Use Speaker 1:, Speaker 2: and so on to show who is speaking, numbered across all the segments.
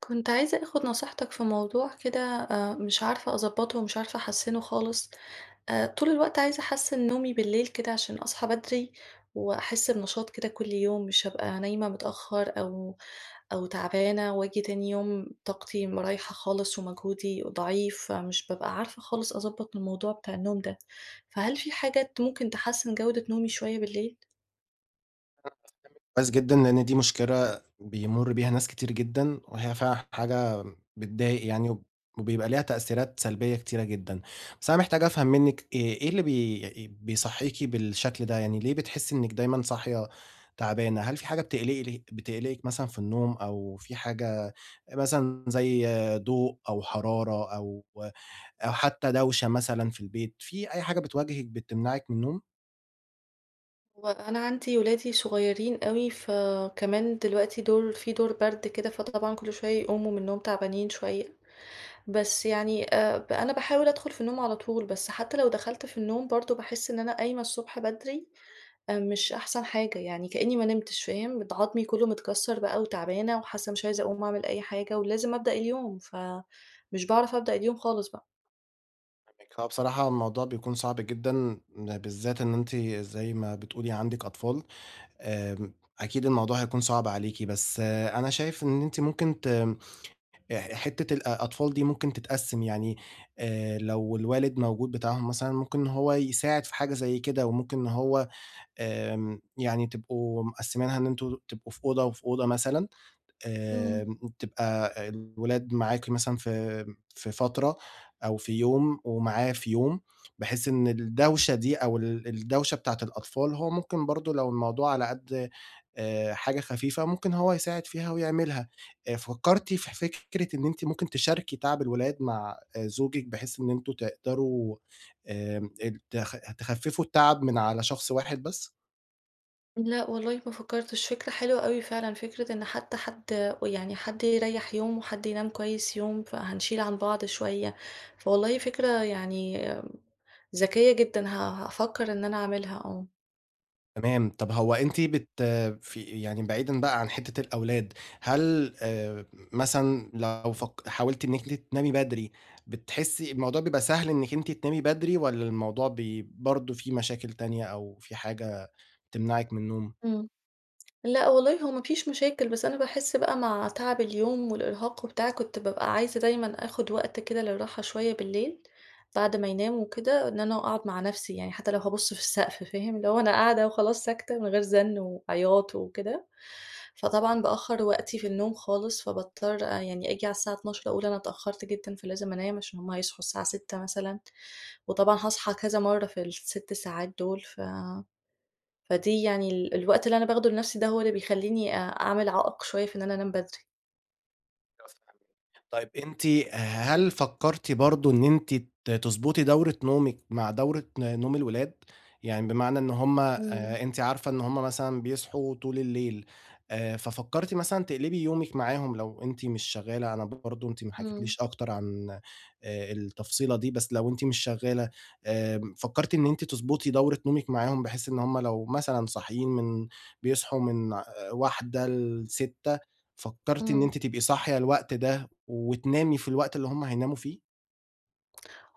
Speaker 1: كنت عايزة اخد نصيحتك في موضوع كده آآ، مش عارفة أضبطه ومش عارفة أحسّنه خالص آآ، طول الوقت عايزة أحسّن نومي بالليل كده عشان أصحى بدري، وأحسّ بنشاط كده كل يوم، مش ابقى نايمة متأخر أو أو تعبانة وآجي تاني يوم طاقتي م رايحة خالص ومجهودي ضعيف، فمش بابقى عارفة خالص أضبط الموضوع بتاع النوم ده، فهل في حاجة ت ممكن تحسن جودة نومي شوية بالليل؟
Speaker 2: [unintelligible] كويس جدًا لأن دي مشكلة بيمرّ بيها ناس كتير جدًا، وهي فعلًا حاجة بتضايق يعني، وبيبقى ليها تأثيرات سلبية كتيرة جدًا، بس أنا محتاج أفهم منِك إيه إيه اللي بي بيصحّيكي بالشكل ده؟ يعني ليه بتحسي إنِك دايمًا صاحية تعبانة؟ هل في حاجة بتقلقل بتقلقِك مثلًا في النوم أو في حاجة مثلًا زي ضوء أو حرارة أو أو حتى دوشة مثلًا في البيت، في أي حاجة بتواجهِك بتمنعِك من النوم؟
Speaker 1: وأنا عندي أولادي صغيرين أوي، فكمان دلوقتي دور فيه دور برد كده، فطبعًا كل شوي يقوموا من النوم تعبانين شوية، بس يعني آآ ب أنا باحاول أدخل في النوم على طول، بس حتى لو دخلت في النوم برضه باحسّ إن أنا قايمة الصبح بدري آآ مش أحسن حاجة، يعني كأني ما نمتش فاهم؟ بت عضمي كله متكسّر بقى وتعبانة وحاسّة مش عايزة أقوم أعمل أي حاجة، ولازم أبدأ اليوم، فمش باعرف أبدأ اليوم خالص بقى.
Speaker 2: [unintelligible] هو بصراحة هو الموضوع بيكون صعب جدًا، م بالذات إن أنتِ زي ما بتقولي عندِك أطفال، آمم أكيد الموضوع هيكون صعب عليكِ، بس أنا شايف إن أنتِ ممكن ت آآ ح حتّة الأ الأطفال دي ممكن تتقسم يعني، آآ لو الوالد موجود بتاعهم مثلًا ممكن إن هو يساعد في حاجة زي كده، وممكن إن هو آمم يعني تبقوا مقسمينها إن أنتم تبقوا في أوضة وفي أوضة مثلًا،
Speaker 1: امم.
Speaker 2: آمم تبقى الولاد معاكِ مثلًا في في فترة أو في يوم ومعاه في يوم، بحيث إن الدوشة دي أو ال الدوشة بتاعة الأطفال هو ممكن برضو لو الموضوع على قد آآ حاجة خفيفة ممكن هو يساعد فيها ويعملها، آآ فكرتِ في فكرة إن أنتِ ممكن تشاركي تعب الولاد مع زوجِك بحيث إن أنتم تقدروا، آمم ات خ تخففوا التعب من على شخص واحد بس.
Speaker 1: لأ والله ما فكرتش فكرة حلوة أوي فعلًا فكرة إن حتّى حد ويعني حد يريح يوم وحد ينام كويّس يوم فهنشيل عن بعض شويّة، فوالله فكرة يعني ذكيّة جدًا ه هافكر إن أنا أعملها آه.
Speaker 2: تمام، طَب هو أنتِ بت في يعني بعيدًا بقى عن حتّة الأولاد، هل مثلًا لو فك حاولتِ إنِّك أنتِ تنامي بدري، بتحسِّي الموضوع بيبقي سهل إنِّك أنتِ تنامي بدري، والَّا الموضوع ب برضه في مشاكل تانية أو في حاجة تمنعِك من النوم؟
Speaker 1: إمم، لأ والله هو ما فيش مشاكل، بس أنا باحس بقى مع تعب اليوم والإرهاق وبتاع كنت بابقى عايزة دايمًا آخد وقت كده للراحة شوية بالليل، بعد ما يناموا وكده، إن أنا أقعد مع نفسي يعني حتى لو هابُصّ في السقف فاهم، اللي هو أنا قاعدة وخلاص ساكتة من غير زنّ وعياط وكده، فطبعًا بأخّر وقتي في النوم خالص، فباضطّر يعني آجي على الساعة 00:00 أقول أنا اتأخّرت جدًا فلازم أنام، علشان هم هيصحوا الساعة 06:00 مثلًا، وطبعًا هاصحى كذا مرّه في ال6 ساعات دول ف فدي يعني ال الوقت اللي أنا باخده لنفسي ده هو اللي بيخلّيني أ أعمل عائق شوية في إن أنا أنام بدري.
Speaker 2: [unintelligible] طيب أنتِ هل فكرتِ برضه إن أنتِ ت تضبُطي دورة نومِك مع دورة نوم الولاد، يعني بمعنى إن هُم
Speaker 1: إمم.
Speaker 2: آآ أنتِ عارفة إن هُم مثلًا بيصحوا طول الليل آآ، ففكرتِ مثلًا تقلبي يومِك معاهم لو أنتِ مش شغالة، أنا برضه أنتِ ما
Speaker 1: إمم.
Speaker 2: حكيتِليش أكتر عن آآ، التفصيلة دي، بس لو أنتِ مش شغالة آآ، فكرتِ إن أنتِ تضبُطي دورة نومِك معاهم بحيث إن هم لو مثلًا صاحيين من بيصحوا من 01:00 ل06:00 فكرتِ إن
Speaker 1: إمم.
Speaker 2: أنتِ تبقي صاحية الوقت ده، وتنامي في الوقت اللي هم هيناموا فيه؟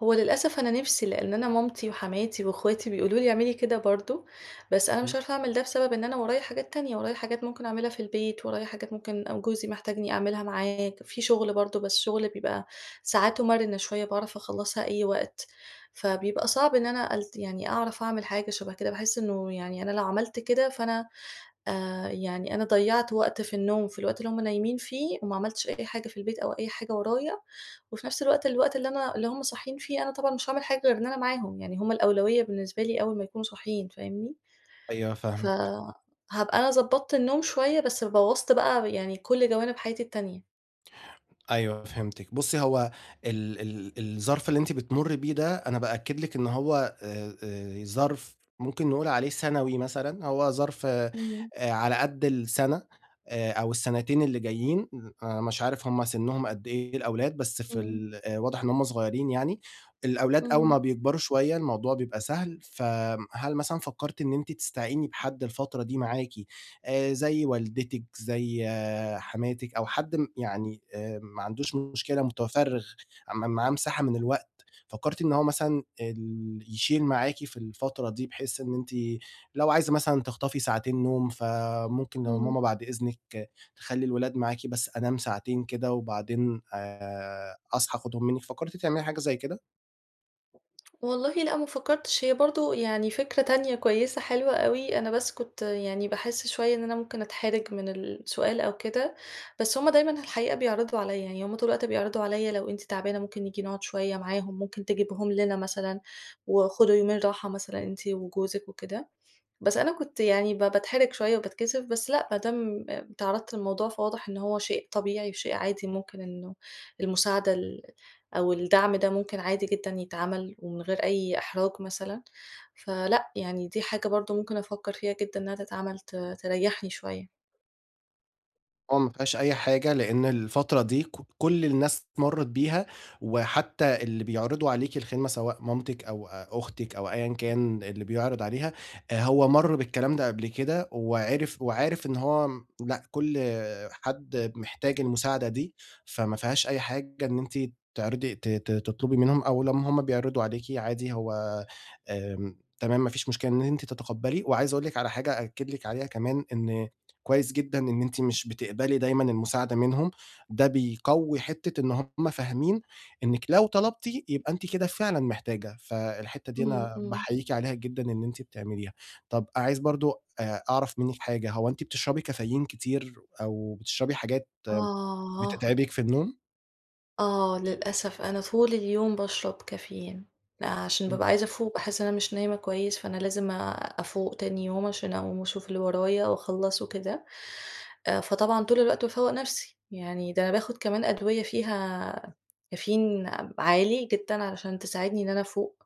Speaker 1: هو للأسف أنا نِفْسي، لأن أنا مامتي وحماتي واخواتي بيقولوا لي اعملي كده برضو، بس أنا مش
Speaker 2: امم.
Speaker 1: عارفة أعمل ده بسبب إن أنا ورايا حاجات تانية، ورايا حاجات ممكن أعملها في البيت، ورايا حاجات ممكن أو جوزي محتاجني أعملها معاه ك في شغل برضو، بس شغل بيبقى ساعاته مرنه شوية، باعرف أخلّصها أي وقت، فبيبقى صعب إن أنا ألت يعني أعرف أعمل حاجة شبه كده، باحس إنه يعني أنا لو عملت كده فأنا آآ، يعني أنا ضيعت وقت في النوم في الوقت اللي هُم نايمين فيه وما عملتش أي حاجة في البيت أو أي حاجة ورايا، وفي نَفْس الوقت الوقت اللي أنا اللي هُم صاحيين فيه أنا طبعًا مش هاعمل حاجة غير إن أنا معاهم، يعني هُم الأولوية بالنسبة لي أول ما يكونوا صاحيين، فاهمني؟
Speaker 2: أيوه فاهمِك.
Speaker 1: فهابقى أنا ضبطت النوم شوية بس بوّظْت بقى يعني كُلّ جوانب حياتي التانية.
Speaker 2: أيوه فهمتِك، بُصي هو ال ال الظرف اللي أنتِ بتمري بيه ده أنا بأكد لِك إن هو آآ آآ، ظرف ممكن نقول عليه سنوي مثلًا، هو ظرف آآ
Speaker 1: امم.
Speaker 2: على قدّ السنة آآ، أو السنتين اللي جايين، آآ مش عارف هُم سِنهم قدّ إيه الأولاد، بس في
Speaker 1: امم.
Speaker 2: ال آآ واضح إن هُم صغيّرين يعني، الأولاد أول
Speaker 1: امم.
Speaker 2: ما بيكبروا شوية الموضوع بيبقى سهل، فآمم، هل مثلًا فكرتِ إن أنتِ تستعيني بحد الفترة دي معاكِ آآ، زي والدتِك، زي حماتِك أو حد م يعني آآ، ما عندوش مشكلة متفرغ م معاه مساحة من الوقت، فكرتِ إن هو مثلًا ال يشيل معاكِ في الفترة دي بحيث إن أنتِ لو عايزة مثلًا تخطفي ساعتين نوم فممكن
Speaker 1: امم.
Speaker 2: ماما بعد إذنك تخلي الولاد معاكِ بس أنام ساعتين كده وبعدين آآ، أصحى آخدهم منكِ، فكرتِ تعملي حاجة زي كده؟
Speaker 1: والله لأ، ما فكّرتش هي برضه يعني فكرة تانية كويسة حلوة أوي، أنا بس كنت يعني باحس شوية إن أنا ممكن أتحرِج من السؤال أو كده، بس هم دايمًا في الحقيقة بيعرضوا عليَّ، يعني هم طول الوقت بيعرضوا عليَّ لو أنتِ تعبانة ممكن نيجي نقعد شوية معاهم، ممكن تجيبيهم لنا مثلًا، وخدوا يومين راحة مثلًا أنتِ وجوزِك وكده، بس أنا كنت يعني ب باتحرِج شوية وباتكسف، بس لأ ما دام اتعرّضت للموضوع فواضح إن هو شيء طبيعي وشيء عادي ممكن إنه المساعدة ال أو الدعم ده ممكن عادي جدًا يتعمل ومن غير أي إحراج مثلًا، فلأ يعني دي حاجة برضه ممكن أفكّر فيها جدًا إنها تتعمل ت تريحني شوية.
Speaker 2: آه، ما فيهاش أي حاجة لأن الفترة دي كُ كُلّ الناس مرّت بيها، وحتى اللي بيعرضوا عليكِ الخدمة سواء مامتِك أو أختِك أو أيًا كان اللي بيعرض عليها، آآ هو مَرّ بالكلام ده قبل كده، وعِرِف وعارف إن هو م لأ كُلّ حد محتاج المساعدة دي، فما فيهاش أي حاجة إن أنتِ تعرضي ت ت تطلبي منهم أو لمّا هم بيعرضوا عليكِ عادي هو آمم، تمام ما فيش مشكلة إن أنت تتقبّلي وعايز أقول لِك على حاجة أأكد لِك عليها كمان، إن كويس جدًا إن أنتِ مش بتقبلي دايمًا المساعدة منهم، ده بيقوِّي حتة إن هم فاهمين إنِّك لو طلبتِ، يبقى أنتِ كده فعلًا محتاجة، فالحتّة دي
Speaker 1: امم،
Speaker 2: أنا
Speaker 1: امم.
Speaker 2: باحييكِ عليها جدًا إن أنتِ بتعمليها، طَب عايز برضه آآ أعرف منِّك حاجة، هو أنتِ بتشربي كافيين كتير، أو بتشربي حاجات
Speaker 1: آه.
Speaker 2: بتتعبِك في النوم؟
Speaker 1: آه، للأسف أنا طول اليوم باشرب كافيين، أ عشان
Speaker 2: إمم.
Speaker 1: بابقى عايزة أفوق باحس إن أنا مش نايمة كويس، فأنا لازم أفوق تاني يوم عشان أقوم واشوف اللي ورايا واخلّصُه وكده، أ فطبعًا طول الوقت بافوّق نفسي، يعني ده أنا باخد كمان أدوية فيها كافيين، عالي جدًا علشان تساعدني إن أنا أفوق،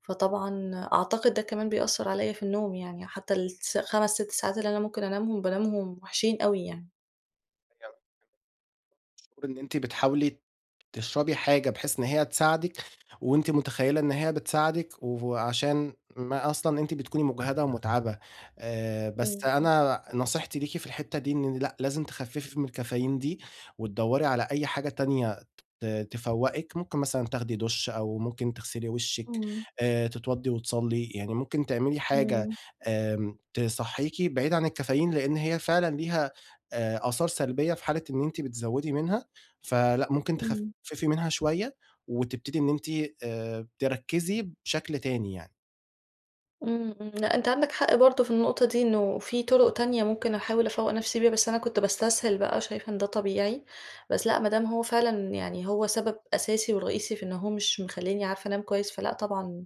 Speaker 1: فطبعًا أعتقد ده كمان بيأثّر عليَّ في النوم يعني، حتى للتس 5 6 ساعات اللي أنا ممكن أنامهم، بانامهم وحشين أوي يعني.
Speaker 2: [unintelligible] المفروض إن أنتِ بتحاولي تشربي حاجة بحيث إن هي تساعدِك، وأنتِ متخيّلة إن هي بتساعدِك وعشان ما أصلًا أنتِ بتكوني مُجهدة ومُتعَبة، آآ، بس
Speaker 1: إمم.
Speaker 2: أنا نصيحتي ليكِ في الحتّة دي إن لأ، لازم تخفّفي من الكافيين دي وتدوّري على أي حاجة تانية، ت تفوّقِك ممكن مثلًا دُش أو ممكن تغسلي وشِّك
Speaker 1: إمم.
Speaker 2: آآ، تتوضّي وتصلّي، يعني ممكن تعملي حاجة
Speaker 1: إمم.
Speaker 2: آمم، تصحّيكي بعيد عن الكافيين، لإن هي فعلًا ليها آآ، آثار سلبيّة في حالة إن أنتِ بتزوّدي منها، فلأ ممكن
Speaker 1: إمم.
Speaker 2: تخفّفي منها شوية، وتبتدي إن أنتِ آآ، تركّزي بشكل تاني يعني.
Speaker 1: إمم، إمم، لأ أنت عندك حق برضه في النقطة دي، إنه في طُرق تانية ممكن أحاول أفوَّق نفسي بيها، بس أنا كنت باستسهل بقى، شايفة إن ده طبيعي. بس لأ، ما دام هو فعلًا يعني هو سبب أساسي ورئيسي في إنه هو مش مخليني عارفة أنام كويس، فلأ طبعًا،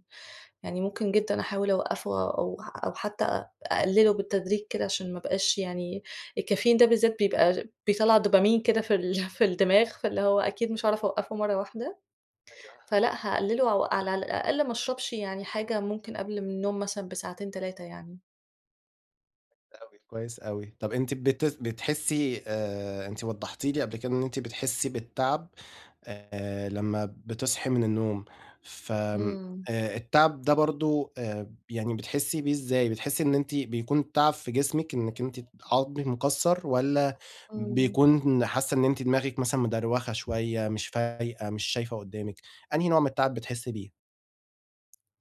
Speaker 1: يعني ممكن جدًا أحاول أوقّفُه أو أو حتى اقلّله بالتدريج كده، علشان ما ابقاش يعني الكافيين ده بالذات بيبقي بيطلّع دوبامين كده في ال في الدماغ فاللي هو أكيد مش هاعرف أوقّفه مرّه واحدة،
Speaker 2: أيوه.
Speaker 1: فلأ هاقلّله أو على الأقل ما اشربش يعني حاجة ممكن قبل النوم مثلًا بساعتين 3 يعني.
Speaker 2: كويس أوي، كويس أوي، طَب أنتِ بت بتحسِّي آآ، أنتِ وضّحتِ لي قبل كده إن أنتِ بتحسِّي بالتعب آآ، لمّا بتصحي من النوم ف آآ،
Speaker 1: إمم.
Speaker 2: التعب ده برضه آآ يعني بتحسِّي بيه إزاي؟ بتحسِّي إن أنتِ بيكون تعب في جسمِك إنِّك أنتِ عضمِك مكسر، والَّا
Speaker 1: إمم.
Speaker 2: بيكون حاسة إن أنتِ دماغِك مثلًا مدروخة شوية، مش فايقة، مش شايفة قدّامِك، أنهي نوع من التعب بتحسِّي بيه؟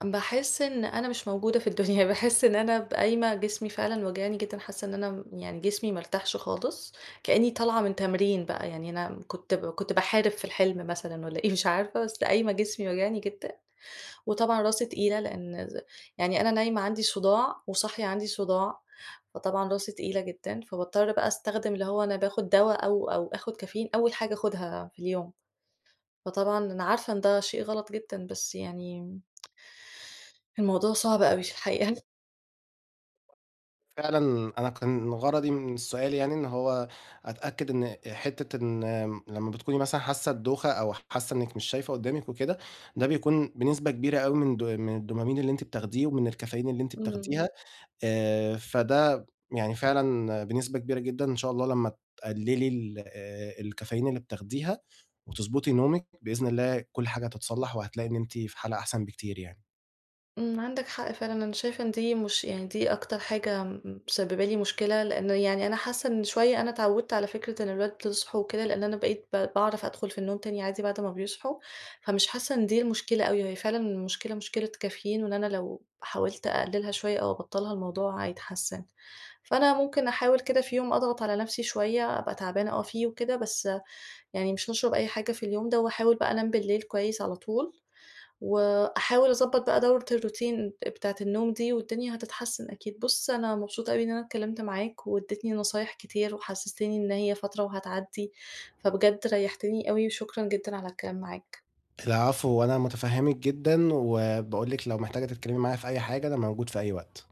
Speaker 1: باحس إن أنا مش موجودة في الدنيا، باحس إن أنا ب قايمة جسمي فعلًا واجعني جدًا، حاسّة إن أنا يعني جسمي ما ارتاحش خالص، كأنّي طالعة من تمرين بقى يعني أنا كنت كنت باحارب في الحلم مثلًا والَّا إيه مش عارفة، بس قايمة جسمي واجعني جدًا، وطبعًا راسي تقيلة لأن ز يعني أنا نايمة عندي صُداع وصاحية عندي صُداع فطبعًا راسي تقيلة جدًا، فباضطّر بقى أستخدم اللي هو أنا باخد دوا، أو أو آخد كافيين أول حاجة أخدها في اليوم،
Speaker 2: [unintelligible]
Speaker 1: فطبعًا أنا عارفة إن ده شيء غلط جدًا بس يعني الموضوع صعب أوي في الحقيقة.
Speaker 2: فعلًا أنا كان غرضي من السؤال يعني إن هو أتأكد إن حتّة إن آمم، إن لمّا بتكوني مثلًا حاسة الدوخة أو حاسة إنِك مش شايفة قدامِك وكده، ده بيكون بنسبة كبيرة أوي من د من الDopamine اللي أنتِ بتاخديه ومن الكافيين اللي أنتِ بتاخديها
Speaker 1: امم.
Speaker 2: آآ، فده يعني فعلًا بنسبة كبيرة جدًا إن شاء الله لمّا تقلّلي ال الكافيين اللي بتاخديها، وتضبطي نومِك، بإذن الله كل حاجة هتتصلح، وهتلاقي إن أنتِ في حالة أحسن بكتير يعني.
Speaker 1: امم، عندك حق فعلًا. أنا شايفة إن دي مش يعني دي أكتر حاجة م مسبّبة لي مشكلة، لأنه يعني أنا حاسة إن شوية أنا اتعودت على فكرة إن الولاد يصحوا وكده، لأن أنا بقيت ب باعرف أدخل في النوم تاني عادي بعد ما بيصحوا، فمش حاسة إن دي المشكلة أوي، وهي فعلًا المشكلة مشكلة كافيين، وإن أنا لو حاولت أقلّلها شوية أو أبطّلها الموضوع هيتحسن. فأنا ممكن أحاول كده في يوم أضغط على نفسي شوية أبقى تعبانة آه فيه وكده، بس يعني مش نشرب أي حاجة في اليوم ده وأحاول بقى أنام بالليل كويس على طول، وأحاول أضبط بقى دورة الروتين ب بتاعة النوم دي والدنيا هتتحسن أكيد. بُص، أنا مبسوطة أوي إن أنا اتكلمت معاك وادّيتني نصايح كتير، وحسستني إن هي فترة وهتعدّي، فبجد ريحتني أوي، وشكرًا جدًا على الكلام معاك.
Speaker 2: العفو، وأنا متفهمِك جدًا، وباقول لِك لو محتاجة تتكلمي معايا في أي حاجة، أنا موجود في أي وقت.